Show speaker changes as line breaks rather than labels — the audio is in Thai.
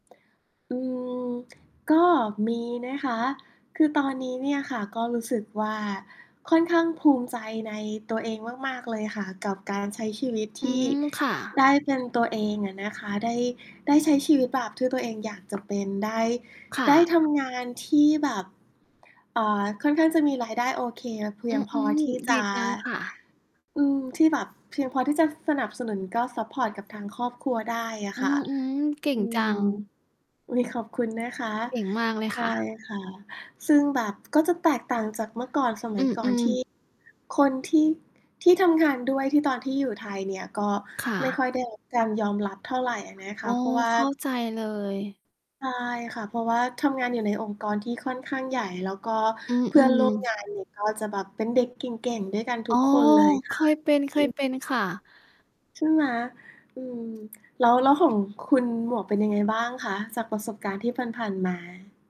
อืม ก็มีนะคะ คือตอนนี้เนี่ยค่ะ ก็รู้สึกว่าค่อนข้างภูมิใจในตัวเองมาก ๆ เลยค่ะ กับการใช้ชีวิต
อ
ท
ื
ี่
ม ค่
ไ
ะ
ด้ เป็นตัวเองอะนะคะ ได้ ได้ใช้ชีวิตแบบที่ตัวเองอยากจะ เป็นได้
ค่
ได้ท
ะ
ำงานที่แบบ อ่า ค่อนข้างจะมีรายได้โอเคแล้วเพ
อ
ี
ื
ยงพอ
อ
ที่
ๆ ด
จ
ี
ะ
จังค่ะ
อืม ที่แบบเพียงพอที่จะสนับสนุน ก็ซัปพอร์ตกับทางครอบครัวได้อะ
อื
ค่ะ
อ ๆ เก่
อ
ง
ื
จั
ม
ง
อุ๊ย ขอบคุณนะคะ
เก่งมากเลย
ใช
ค่
่
ะ
ค่ะ ซึ่งแบบก็จะแตกต่างจากเมื่อก่อนสม
อ
ั
ื
ยก่อน
อ
ที
ๆ
่ คนที่ ที่ทำงานด้วยที่ตอนที่อยู่ไทยเนี่ย ก็
ค่
ไม่ค
ะ
่อยได้รับการยอมรับเท่าไรอะนะค
โอ
ะ
้
เพราะว่า
เข้าใจเลย
ใช่ค่ะ เพราะว่าทำงานอยู่ในองค์กรที่ค่อนข้างใหญ่ แล้วก็
อื
เพื่อนร
ม
่วม
ๆ
งานนี้ก็จะแบบเป็นเด็กเก่ง ๆ ด้วยกันท
อ๋
ุ
อ
กคนเลย
เ
ค
ค
่ะ
ยเป็น เค
อื
ย
ม
เป็นค่ะ
ใช่ไหม อืม แล้ว แล้วของคุณหมวกเป็นยังไงบ้างคะ จากประสบการณ์ที่ผ่าน ๆ มา?